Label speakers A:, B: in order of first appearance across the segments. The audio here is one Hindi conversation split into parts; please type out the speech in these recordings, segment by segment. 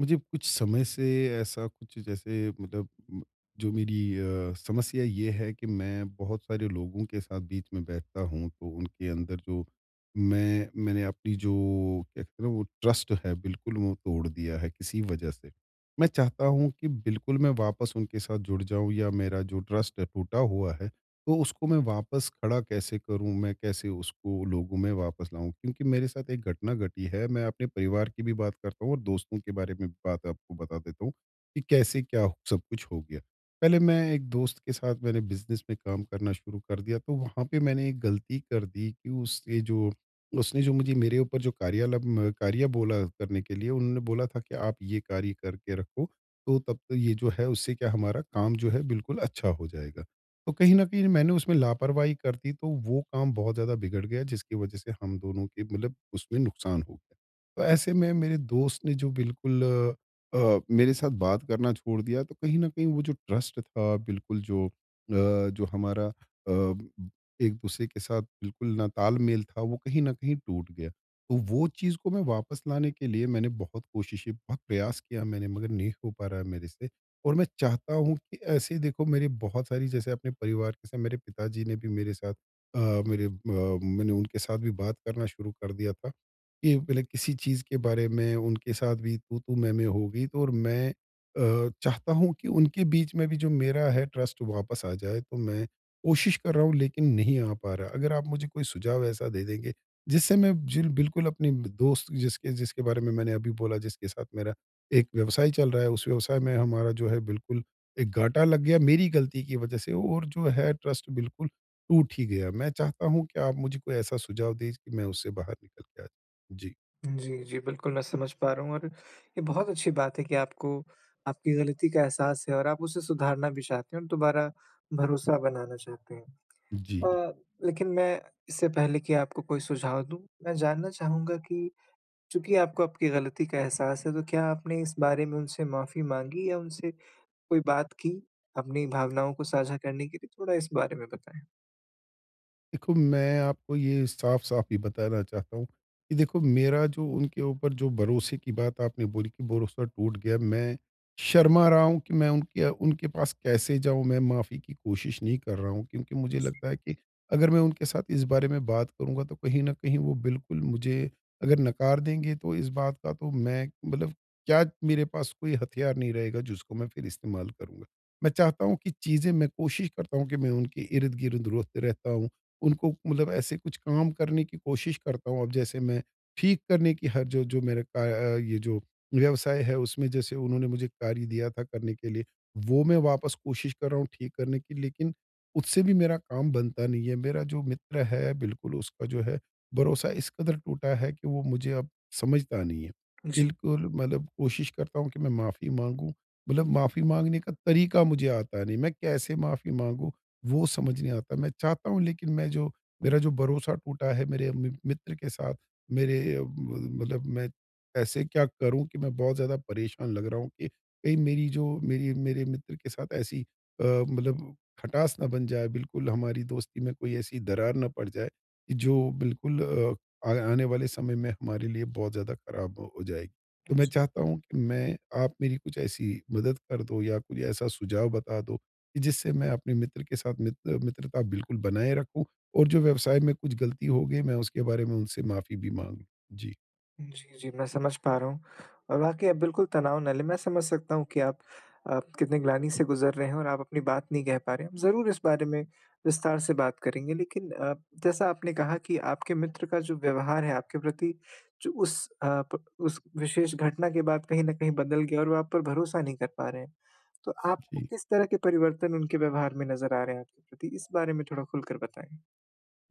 A: मुझे कुछ समय से ऐसा कुछ जैसे मतलब जो मेरी अ, समस्या ये है कि मैं बहुत सारे लोगों के साथ बीच में बैठता हूँ तो उनके अंदर जो मैं मैंने अपनी जो कहते हैं ना वो ट्रस्ट है बिल्कुल वो तोड़ दिया है किसी वजह से। मैं चाहता हूँ कि बिल्कुल मैं वापस उनके साथ जुड़ जाऊँ या मेरा जो ट्रस्ट टूटा हुआ है, तो उसको मैं वापस खड़ा कैसे करूँ मैं कैसे उसको लोगों में वापस लाऊँ? क्योंकि मेरे साथ एक घटना घटी है, मैं अपने परिवार की भी बात करता हूँ और दोस्तों के बारे में बात आपको बता देता हूँ, कि कैसे क्या सब कुछ हो गया। पहले मैं एक दोस्त के साथ मैंने बिज़नेस में काम करना शुरू कर दिया तो वहाँ पे मैंने एक गलती कर दी कि उसके जो उसने जो मुझे मेरे ऊपर जो कार्यालम कार्य बोला करने के लिए, उन्होंने बोला था कि, "आप ये कार्य करके रखो तो तब तो ये जो है उससे क्या हमारा काम जो है, बिल्कुल अच्छा हो जाएगा।" तो कहीं न कहीं ना मैंने उसमें लापरवाही कर दी तो वो काम बहुत ज़्यादा बिगड़ गया जिसकी वजह से हम दोनों के मतलब उसमें नुकसान हो गया। तो ऐसे में मेरे दोस्त ने जो बिल्कुल अ, मेरे साथ बात करना छोड़ दिया तो कहीं न कहीं वो जो ट्रस्ट था बिल्कुल जो अ, जो हमारा अ, एक-दूसरे के साथ बिल्कुल ना तालमेल था, वो कहीं न कहीं टूट गया। तो वो चीज़ को मैं वापस लाने के लिए मैंने बहुत कोशिशें बहुत प्रयास किया मैंने मगर नहीं हो पा रहा है मेरे से और मैं चाहता हूँ कि ऐसे ही देखो मेरी बहुत सारी जैसे अपने परिवार के साथ मेरे पिताजी ने भी मेरे साथ अ, मेरे अ, मैंने उनके साथ भी बात करना शुरू कर दिया था। कि पहले किसी चीज़ के बारे में उनके साथ भी तू-तू मैं-मैं हो गई तो और मैं अ, चाहता हूँ कि उनके बीच में भी जो मेरा है ट्रस्ट वापस आ जाए तो मैं कोशिश कर रहा हूँ लेकिन नहीं आ पा रहा। अगर आप मुझे कोई सुझाव ऐसा दे देंगे, जिससे मैं जिल बिल्कुल अपनी ब दोस्त जिसके जिसके बारे में मैंने अभी बोला जिसके साथ मेरा एक व्यवसाय चल रहा है, उस व्यवसाय में हमारा जो है बिल्कुल एक घाटा लग गया मेरी गलती की वजह से और जो है ट्रस्ट बिल्कुल टूट ही गया। मैं चाहता हूँ कि आप मुझे कोई ऐसा सुझाव दें जि कि मैं उससे बाहर निकल के आ जाऊँ। जी।
B: जी, जी, बिल्कुल, मैं समझ पा रहा हूँ और ये बहुत अच्छी बात है कि आपको आपकी ग़लती का एहसास है, और आप उसे सुधारना भी चाहते हैं, और दोबारा भरोसा बनाना चाहते हैं।
A: जी।
B: अ, लेकिन मैं, इससे पहले कि आपको कोई सुझाव दूँ, मैं जानना चाहूँगा कि चूँकि आपको आपकी ग़लती का एहसास है, तो क्या आपने इस बारे में उनसे माफ़ी माँगी या उनसे कोई बात की? अपनी भावनाओं को साझा करने के लिए? थोड़ा इस बारे में बताएँ?
A: देखो, मैं आपको ये साफ़-साफ़ ही बताना चाहता हूँ, कि देखो मेरा जो उनके ऊपर जो भरोसे की बात आपने बोली कि भरोसा टूट गया। मैं शर्मा रहा हूँ कि मैं उनके उनके पास कैसे जाऊँ? मैं माफ़ी की कोशिश नहीं कर रहा हूँ, क्योंकि मुझे
B: जी।
A: लगता है कि अगर मैं उनके साथ इस बारे में बात करूँगा, तो कहीं न कहीं वो बिल्कुल मुझे अगर नकार देंगे, तो इस बात का तो मैं मतलब क्या मेरे पास कोई हथियार नहीं रहेगा, जिसको मैं फिर इस्तेमाल करूँगा। मैं चाहता हूँ कि चीज़ें मैं कोशिश करता हूँ कि मैं उनके इर्द-गिर्द रोत रहता हूँ। उनको मतलब ऐसे कुछ काम करने की कोशिश करता हूँ। अब जैसे, मैं ठीक करने की हर जो जो मेरा अ अ, ये जो व्यवसाय है, उसमें जैसे उन्होंने मुझे कार्य दिया था करने के लिए, वो मैं वापस कोशिश कर रहा हूँ ठीक करने की, लेकिन उससे भी मेरा काम बनता नहीं है। मेरा जो मित्र है बिल्कुल उसका जो है, भरोसा इस कदर टूटा है कि वो मुझे अब समझता नहीं है।
B: जी।
A: बिल्कुल मतलब कोशिश करता हूँ कि मैं माफ़ी माँगूँ। मतलब माफ़ी माँगने का तरीक़ा मुझे आता नहीं। मैं कैसे माफ़ी माँगूँ, वो समझ नहीं आता मैं चाहता हूँ, लेकिन मैं जो मेरा जो भरोसा टूटा है मेरे म मित्र के साथ मेरे अ अ, मतलब मैं ऐसे क्या करूँ कि मैं बहुत ज़्यादा परेशान लग रहा हूँ कि कहीं मेरी जो मेरी मेरे मित्र के साथ ऐसी अ, मतलब खटास ना बन जाए, बिल्कुल हमारी दोस्ती में कोई ऐसी दरार ना पड़ जाए, जो बिल्कुल अ, आने वाले समय में हमारे लिए बहुत ज़्यादा ख़राब हो जाए।
B: अ,
A: तो मैं
B: जी।
A: चाहता हूँ कि मैं आप मेरी कुछ ऐसी मदद कर दो, या कुछ ऐसा सुझाव बता दो, कि जिससे मैं अपने मित्र के साथ मित्र मित्रता बिल्कुल बनाए रखूँ और जो व्यवसाय में कुछ ग़लती होगी मैं उसके बारे में उनसे माफ़ी भी माँगूँ जी।
B: जी जी, मैं समझ पा रहा हूँ। और वाक़ई आप बिल्कुल तनाव ना लें। मैं समझ सकता हूँ कि आप, आप कितने ग्लानि से गुज़र रहे हैं और आप अपनी बात नहीं कह पा रहे। ज़रूर इस बारे में विस्तार से बात करेंगे। लेकिन अ, जैसा आपने कहा कि आपके मित्र का जो व्यवहार है आपके प्रति जो उस अ, प उस विशेष घटना के बाद कहीं न कहीं बदल गया और वो आप पर भरोसा नहीं कर पा रहे हैं। तो आपको
A: जी।
B: किस तरह के परिवर्तन उनके व्यवहार में नज़र आ रहे हैं आपके प्रति? इस बारे में थोड़ा खुलकर बताएँ।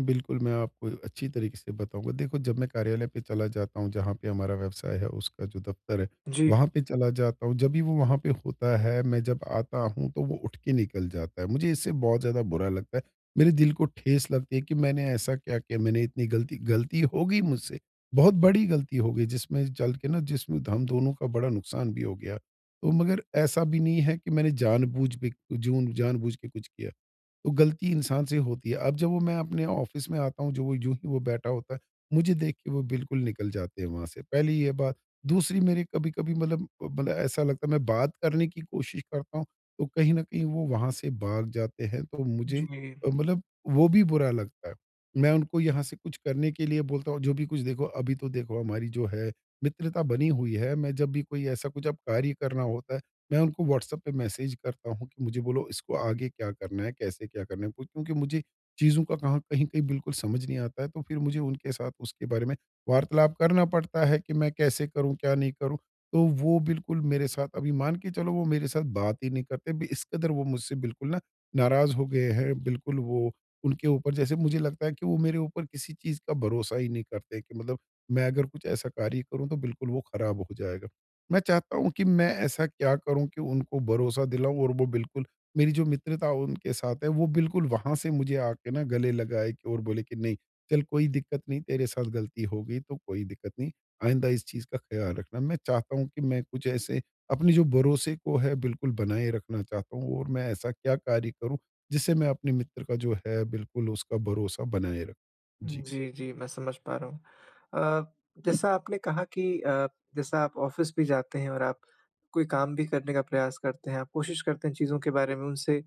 A: बिल्कुल, मैं आपको अच्छी तरीक़े से बताऊँगा। देखो जब मैं कार्यालय पे चला जाता हूँ जहाँ पे हमारा व्यवसाय है, उसका जो दफ़्तर है
B: जी।
A: वहाँ पे चला जाता हूँ, जब भी वो वहाँ पे होता है मैं जब आता हूँ तो वो उठ के निकल जाता है। मुझे इससे बहुत ज़्यादा बुरा लगता है। मेरे दिल को ठेस लगती है कि मैंने ऐसा क्या किया मैंने इतनी गलती गलती हो गई मुझसे बहुत बड़ी गलती हो गई जिसमें चल के ना जिसमें हम दोनों का बड़ा नुक़सान भी हो गया। तो मगर ऐसा भी नहीं है कि मैंने जानबूझ बेजून जानबूझ के कुछ किया। तो गलती इंसान से ही होती है। अब जब वो मैं अपने ऑफ़िस में आता हूँ जब वो यूँ ही वो बैठा होता है, मुझे देख के वो बिल्कुल निकल जाते हैं वहाँ से, पहली ये बात। दूसरी मेरी कभी-कभी मतलब, मतलब ऐसा लगता है मैं बात करने की कोशिश करता हूँ तो कहीं न कहीं वो वहाँ से भाग जाते हैं तो मुझे
B: जी।
A: मतलब वो भी बुरा लगता है। मैं उनको यहाँ से कुछ करने के लिए बोलता हूँ जो भी कुछ देखो अभी तो देखो हमारी जो है मित्रता बनी हुई है। मैं जब भी कोई ऐसा कुछ अब कार्य करना होता है मैं उनको व्हाट्सएप पे मैसेज करता हूँ कि मुझे बोलो इसको आगे क्या करना है, कैसे क्या करना है? क्योंकि मुझे चीज़ों का कहाँ कहीं-कहीं बिल्कुल समझ नहीं आता है तो फिर मुझे उनके साथ उसके बारे में वार्तालाप करना पड़ता है कि मैं कैसे करूँ, क्या नहीं करूँ। तो वो बिल्कुल मेरे साथ अभी मान के चलो वो मेरे साथ बात ही नहीं करते। इस कदर वो मुझसे बिल्कुल ना नाराज़ हो गए हैं। बिल्कुल वो उनके ऊपर जैसे मुझे लगता है कि वो मेरे ऊपर किसी चीज़ का भरोसा ही नहीं करते कि मतलब मैं अगर कुछ ऐसा कार्य करूँ तो बिल्कुल वो ख़राब हो जाएगा। मैं चाहता हूँ कि मैं ऐसा क्या करूँ कि उनको भरोसा दिलाऊँ और वो बिल्कुल मेरी जो मित्रता उनके साथ है वो बिल्कुल वहाँ से मुझे आके ना गले लगाए और बोले कि नहीं, "चल कोई दिक्कत नहीं, तेरे साथ गलती हो गई तो कोई दिक्कत नहीं। आइन्दा इस चीज़ का ख़्याल रखना।" मैं चाहता हूँ कि मैं कुछ ऐसे अपने जो भरोसे को है बिल्कुल बनाए रखना चाहता हूँ। और मैं ऐसा क्या कार्य करूँ जिससे मैं अपने मित्र का जो है बिल्कुल उसका भरोसा बनाए रख जी।
B: जी जी, मैं समझ पा रहा हूँ। अ, जैसा आपने कहा कि अ, जैसा आप ऑफिस भी जाते हैं और आप कोई काम भी करने का प्रयास करते हैं आप कोशिश करते हैं चीज़ों के बारे में उनसे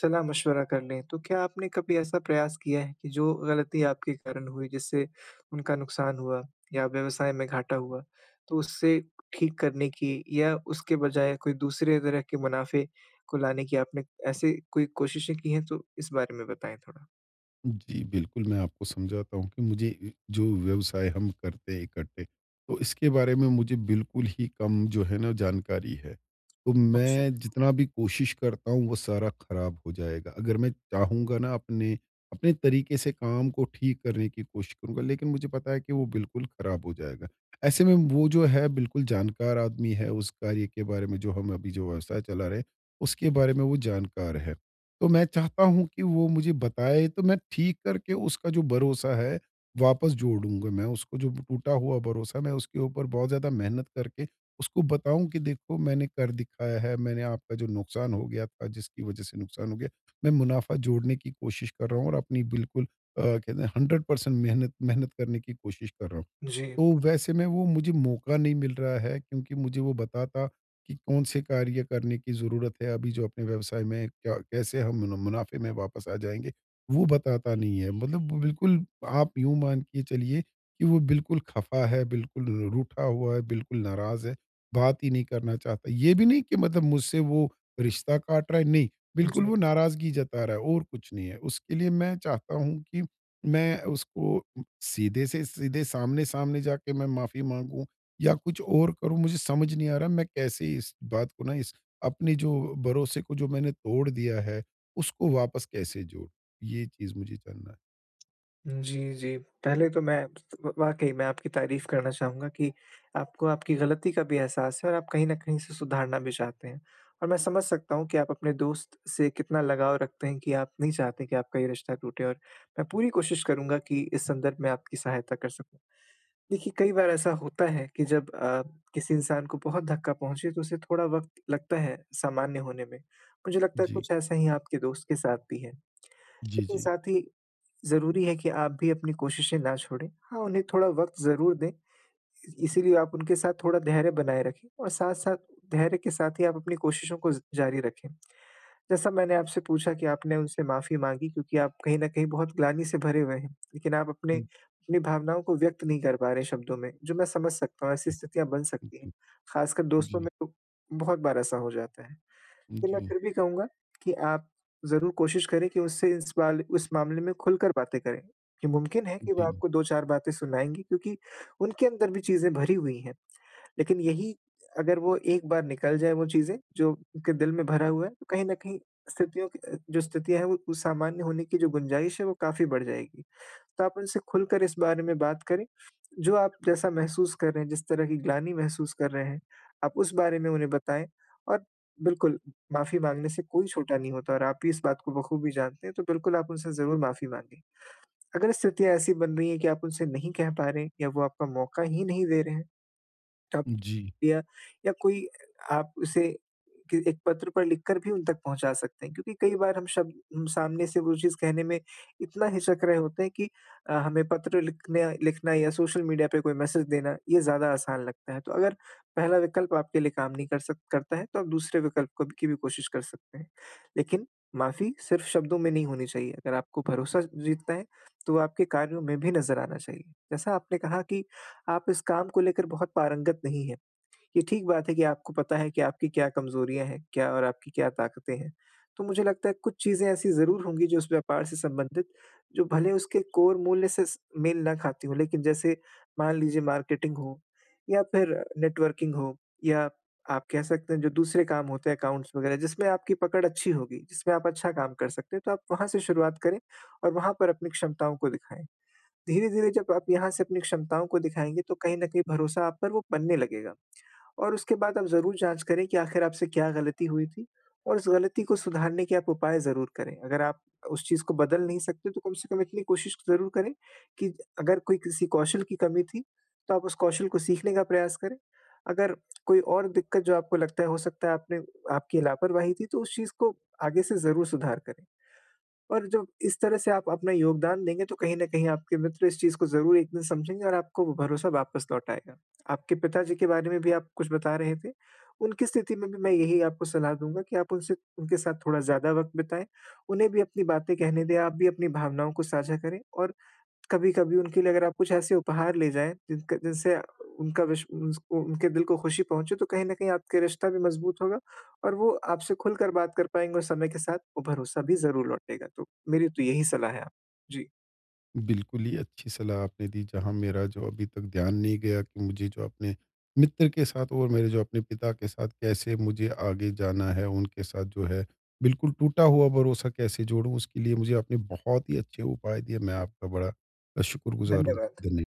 B: सलाह-मशवरा कर लें। तो क्या आपने कभी ऐसा प्रयास किया है कि जो गलती के कारण हुई जिससे उनका नुकसान हुआ या व्यवसाय में घाटा हुआ तो उससे ठीक करने की? या उसके बजाय कोई दूसरे तरह के मुनाफ़े को लाने की आपने ऐसी कोई कोशिशें की हैं तो इस बारे में बताएँ थोड़ा।
A: जी, बिल्कुल। मैं आपको समझाता हूँ कि मुझे इ जो व्यवसाय हम करते हैं इकट्ठे, तो इसके बारे में मुझे बिल्कुल ही कम जो है ना जानकारी है। तो
B: अच्छा,
A: मैं
B: हाँ।
A: जितना भी कोशिश करता हूँ वो सारा खराब हो जाएगा। अगर मैं चाहूँगा ना अपने, अपने तरीके से काम को ठीक करने की कोशिश करूँगा लेकिन मुझे पता है कि वो बिल्कुल खराब हो जाएगा। ऐसे में वो जो है बिल्कुल जानकार आदमी है उस कार्य के बारे में जो हम अभी जो व्यवसाय चला रहे हैं उसके बारे में वो जानकार है। तो मैं चाहता हूँ कि वो मुझे बताए तो मैं ठीक करके उसका जो भरोसा है वापस जोड़ूँगा मैं उसको जो टूटा हुआ भरोसा मैं उसके ऊपर बहुत ज़्यादा मेहनत करके उसको बताऊँ कि देखो मैंने कर दिखाया है। मैंने आपका जो नुकसान हो गया था जिसकी वजह से नुकसान हो गया। मैं मुनाफा जोड़ने की कोशिश कर रहा हूँ और अपनी बिल्कुल अ, कहते हैं 100 पर्सेंट मेहनत मेहनत करने की कोशिश कर रहा हूँ।
B: जी।
A: तो वैसे मैं वो मुझे मौका नहीं मिल रहा है क्योंकि मुझे वो बताता कि कौन से कार्य करने की ज़रूरत है अभी जो अपने व्यवसाय में क्या कैसे हम मुन मुनाफ़े में वापस आ जाएँगे वो बताता नहीं है। मतलब बिल्कुल आप यूँ मान के चलिए कि वो बिल्कुल ख़फ़ा है बिल्कुल रूठा हुआ है बिल्कुल नाराज़ है, बात ही नहीं करना चाहता। ये भी नहीं कि मतलब मुझसे वो रिश्ता काट रहा है, नहीं। बिल्कुल वो
B: जी।
A: नाराज़गी जता रहा है और कुछ नहीं है। उसके लिए मैं चाहता हूँ कि मैं उसको सीधे से सीधे सामने-सामने जाके मैं माफी माँगूँ या कुछ और करूँ। मुझे समझ नहीं आ रहा मैं कैसे इस बात को ना इस अपने जो भरोसे को जो मैंने तोड़ दिया है उसको वापस कैसे जोड़ूँ? ये चीज़ मुझे जानना है।
B: जी, जी। पहले तो मैं [unintelligible] वाक़ई मैं आपकी तारीफ़ करना चाहूँगा कि आपको आपकी ग़लती का भी एहसास है और आप कहीं न कहीं इसे सुधारना भी चाहते हैं और मैं समझ सकता हूँ कि आप अपने दोस्त से कितना लगाव रखते हैं, कि आप नहीं चाहते कि आपका ये रिश्ता टूटे और मैं पूरी कोशिश करूँगा कि इस संदर्भ में आपकी सहायता कर सकूँ। देखिए, कई बार ऐसा होता है कि जब आप किसी इंसान को बहुत धक्का पहुँचे तो उसे थोड़ा वक़्त लगता है सामान्य होने में, मुझे लगता है
A: जी।
B: कुछ ऐसा ही आपके दोस्त के साथ भी है।
A: जी,
B: लेकिन
A: जी।
B: साथ ही ज़रूरी है कि आप भी अपनी कोशिशें ना छोड़ें हाँ, उन्हें थोड़ा वक़्त ज़रूर दें, इ इसीलिए आप उनके साथ थोड़ा धैर्य बनाए रखें और साथ-साथ धैर्य के साथ ही आप अपनी कोशिशों को ज जारी रखें। जैसा मैंने आपसे पूछा कि आपने उनसे माफ़ी माँगी क्योंकि आप कहीं न कहीं बहुत ग्लानि से भरे हुए हैं लेकिन आप अपने
A: हुँ।
B: अपनी भावनाओं को व्यक्त नहीं कर पा रहे शब्दों में, जो मैं समझ सकता हूँ ऐसी
A: हुँ।
B: स्थितियाँ बन
A: उ,
B: सकती हैं,
A: जी।
B: ख़ासकर दोस्तों
A: जी।
B: में तो बहुत बार ऐसा हो जाता है। तो मैं
A: जी।
B: फिर भी कहूँगा कि आप ज़रूर कोशिश करें कि उससे इस वाले उस मामले में खुलकर बातें करें। कि मुमकिन है कि वो
A: जी।
B: आपको 2-4 बातें सुनाएँगी क्योंकि उनके अंदर भी चीज़ें भरी हुई है। लेकिन यही अगर वो एक बार निकल जाए वो चीज़ें, जो उनके दिल में भरा हुआ है तो कहीं न कहीं स्थितियों कि अ, जो स्थितियाँ है वो सामान्य होने की जो गुंजाइश है वो काफ़ी बढ़ जाएगी। तो आप उनसे खुलकर इस बारे में बात करें, जो आप जैसा महसूस कर रहे हैं जिस तरह की ग्लानि महसूस कर रहे हैं आप उस बारे में उन्हें बताएँ और बिल्कुल माफ़ी माँगने से कोई छोटा नहीं होता और आप भी इस बात को बख़ूबी जानते हैं तो बिल्कुल आप उनसे ज़रूर माफ़ी माँगे। अगर स्थितियाँ ऐसी बन रही है कि आप उनसे नहीं कह पा रहे हैं या वो आपका मौक़ा ही नहीं दे रहे हैं, तब
A: जी।
B: या, या कोई आपसे के एक पत्र पर लिख कर भी उन तक पहुँचा सकते हैं क्योंकि कई बार हम शब्द सामने से वो चीज़ कहने में इतना हिचक रहे होते हैं कि अ, हमें पत्र लिखने लिखना या सोशल मीडिया पे कोई मैसेज देना ये ज़्यादा आसान लगता है। तो अगर पहला विकल्प आप के लिए काम नहीं कर सक करता है तो आप दूसरे विकल्प को की भी कोशिश कर सकते हैं, लेकिन माफ़ी सिर्फ शब्दों में नहीं होनी चाहिए। अगर आपको भरोसा जीतना है तो आपके कार्यों में भी नज़र आना चाहिए। जैसा आपने कहा कि आप इस काम को लेकर बहुत पारंगत नहीं है, ये ठीक बात है कि आपको पता है कि आपकी क्या कमज़ोरियाँ है, क्या और आपकी क्या ताक़तें हैं। तो मुझे लगता है कुछ चीज़ें ऐसी ज़रूर होंगी जो उस व्यापार से संबंधित जो भले उसके कोर मूल्य से मेल ना खाती हो लेकिन जैसे मान लीजिए मार्केटिंग हो या फिर नेटवर्किंग हो या आप कह सकते हैं, जो दूसरे काम होते हैं अकाउंट्स वग़ैरह जिसमें आपकी पकड़ अच्छी होगी, जिसमें आप अच्छा काम कर सकते हैं तो आप वहाँ से शुरुआत करें और वहाँ पर अपनी क्षमताओं को दिखाएँ। धीरे-धीरे जब आप यहाँ से अपनी क्षमताओं को दिखाएँगे तो कहीं न कहीं भरोसा आप पर वो बनने लगेगा और उसके बाद आप ज़रूर जाँच करें कि आखिर आपसे क्या ग़लती हुई थी और उस ग़लती को सुधारने के आप उपाय ज़रूर करें। अगर आप उस चीज़ को बदल नहीं सकते तो कम से कम इतनी कोशिश ज़रूर करें कि अगर कोई किसी कौशल की कमी थी तो आप उस कौशल को सीखने का प्रयास करें। अगर कोई और दिक्कत जो आपको लगता है हो सकता है आपने आपकी लापरवाही थी तो उस चीज़ को आगे से ज़रूर सुधार करें। और जब इस तरह से आप अपना योगदान देंगे तो कहीं न कहीं आपके मित्र इस चीज़ को ज़रूर एक दिन समझेंगे और आपको भरोसा वापस लौट आएगा। आपके पिताजी के बारे में भी आप कुछ बता रहे थे, उनकी स्थिति में भी मैं यही आपको सलाह दूँगा कि आप उनसे उनके साथ थोड़ा ज़्यादा वक़्त बिताएँ। उन्हें भी अपनी बातें कहने दे, आप भी अपनी भावनाओं को साझा करें और कभी-कभी उनके लिए अगर आप कुछ ऐसे उपहार ले जाएँ जिनका जिनसे उनका विश उन उनके दिल को ख़ुशी पहुँचे तो कहीं न कहीं आपके रिश्ता भी मज़बूत होगा और वो आपसे खुलकर बात कर पाएँगे और समय के साथ वो भरोसा भी ज़रूर लौटेगा, तो मेरी तो यही सलाह है आप जी।
A: बिल्कुल ही अच्छी सलाह आपने दी जहाँ मेरा जो अभी तक ध्यान नहीं गया कि मुझे जो अपने मित्र के साथ और मेरे जो अपने पिता के साथ कैसे मुझे आगे जाना है। उनके साथ जो है बिल्कुल टूटा हुआ भरोसा कैसे जोड़ूँ उसके लिए मुझे आपने बहुत ही अच्छे उपाय दिए मैं आपका बड़ा शुक्रगुज़ार हूँ
B: धन्यवाद।
A: धन्य